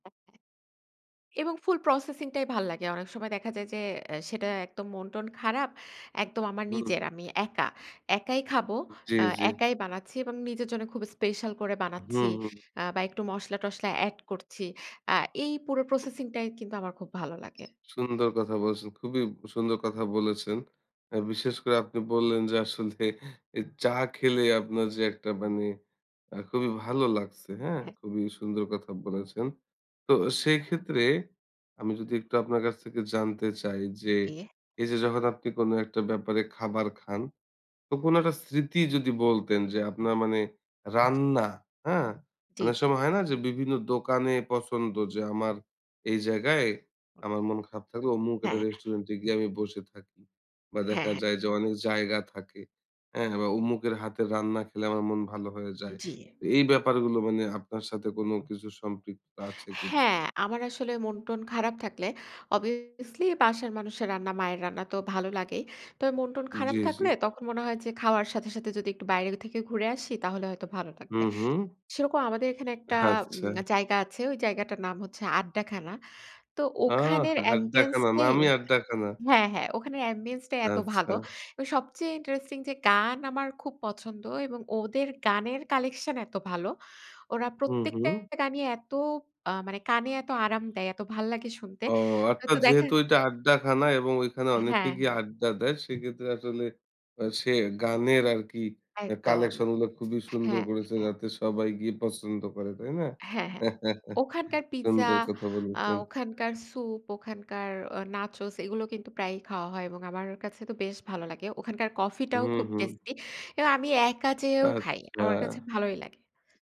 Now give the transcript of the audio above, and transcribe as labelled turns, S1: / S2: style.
S1: [unintelligible] এবং ফুল প্রসেসিং টাই ভাল লাগে। অনেক সময় দেখা যায় যে, সেটা একদম মন-টন খারাপ। একদম আমার
S2: হুম।
S1: নিজের, আমি একা। একাই খাবো।
S2: উ জ্বী,
S1: আ
S2: জ্বী।
S1: একাই বানাচ্ছি এবং নিজের জন্য খুব স্পেশাল করে বানাচ্ছি
S2: হুম, হুম।
S1: আ বা একটু মসলা-টসলা এড করছি। আ এই পুরো প্রসেসিং টাই কিন্তু আমার খুব ভালো লাগে।
S2: সুন্দর কথা বলছেন। খুবই সুন্দর কথা বলেছেন। আ বিশেষ করে, আপনি বললেন যে, আসলে এ এই চা খেলে আপনার যে, একটা মানে আ খুবই ভালো লাগছে, হ্যাঁ,
S1: হ্যাঁ।
S2: খুবই সুন্দর কথা বলেছেন। তো সেই ক্ষেত্রে, আমি যদি একটু আপনার কাছ থেকে জানতে চাই যে,
S1: ইয়ে
S2: এই যে, যখন আপনি কোনো একটা ব্যাপারে খাবার খান, তো কোনো একটা স্মৃতি যদি বলতেন যে, আপনার মানে রান্না, হ্যাঁ?
S1: জ্বী,
S2: অনেক
S1: জ্বী।
S2: সময় হয় না যে, বিভিন্ন দোকানে পছন্দ যে, আমার এই জায়গায় আমার মন খারাপ থাকলে অমুক একটা
S1: হ্যাঁ।
S2: রেস্টুরেন্ট এ গিয়ে আমি বসে থাকি। বা
S1: হ্যাঁ,
S2: দেখা
S1: হ্যাঁ।
S2: যায় যে, অনেক জায়গা থাকে। হ্যাঁ, বা অমুকের হাতে রান্না খেলে আমার মন ভালো হয়ে যায়।
S1: জ্বী।
S2: তো এই ব্যাপারগুলো মানে, আপনার সাথে কোনো কিছু সম্পৃক্ততা আছে কিনা?
S1: হ্যাঁ, আমার আসলে মন-টন খারাপ থাকলে, অবভিয়াসলি বাসার মানুষের রান্না, মায়ের রান্না তো, ভালো লাগেই। তবে মন-টন খারাপ
S2: জ্বী, জ্বী।
S1: থাকলে, তখন মনে হয় যে, খাওয়ার সাথে, সাথে যদি একটু বাইরে থেকে ঘুরে আসি, তাহলে হয়তো ভালো লাগবে।
S2: হুম, হুম।
S1: সেরকম আমাদের এখানে একটা
S2: আচ্ছা।
S1: উম জায়গা আছে। ওই জায়গাটার নাম হচ্ছে, আড্ডাখানা। তো,
S2: আ
S1: ওখানের অ্যাম্বিয়েন্স
S2: আড্ডাখানা,
S1: টাই
S2: নামই আড্ডাখানা।
S1: হ্যাঁ, হ্যাঁ, ওখানে অ্যাম্বিয়েন্স টাই এত ভালো
S2: আচ্ছা।
S1: এবং সবচেয়ে ইন্টারেস্টিং যে, গান আমার খুব পছন্দ এবং ওদের গানের কালেকশন এত ভালো। ওরা
S2: হুম,
S1: প্রত্যেকটা
S2: হুম।
S1: গানই এত আ মানে কানে এত আরাম দেয়, এত ভাল লাগে শুনতে।
S2: ও, অর্থাৎ
S1: তো দেখা
S2: যেহেতু ওইটা আড্ডাখানা এবং ওইখানে অনেকে
S1: হ্যাঁ,
S2: গিয়ে
S1: হ্যাঁ।
S2: আড্ডা দেয়, সেক্ষেত্রে আসলে সে গানের আর কি আ
S1: একদম।
S2: কালেকশন গুলো খুবই সুন্দর
S1: হ্যাঁ,
S2: গরেছে।
S1: হ্যাঁ।
S2: যাতে সবাই গিয়ে পছন্দ করে। তাই না?
S1: হ্যাঁ, হ্যাঁ। ওখানকার পিজ্জা,
S2: সুন্দর কথা
S1: আ
S2: বলেছেন।
S1: ওখানকার সুপ, ওখানকার আ নাচোস এগুলো কিন্তু প্রায়ই খাওয়া হয় এবং আমার কাছে তো, বেশ ভালো লাগে। ওখানকার কফি টাও
S2: হুম,
S1: খুব
S2: হুম।
S1: টেস্টি। এবং আমি একা যেয়েও খাই। আমার কাছে,
S2: আচ্ছা।
S1: ভালোই লাগে।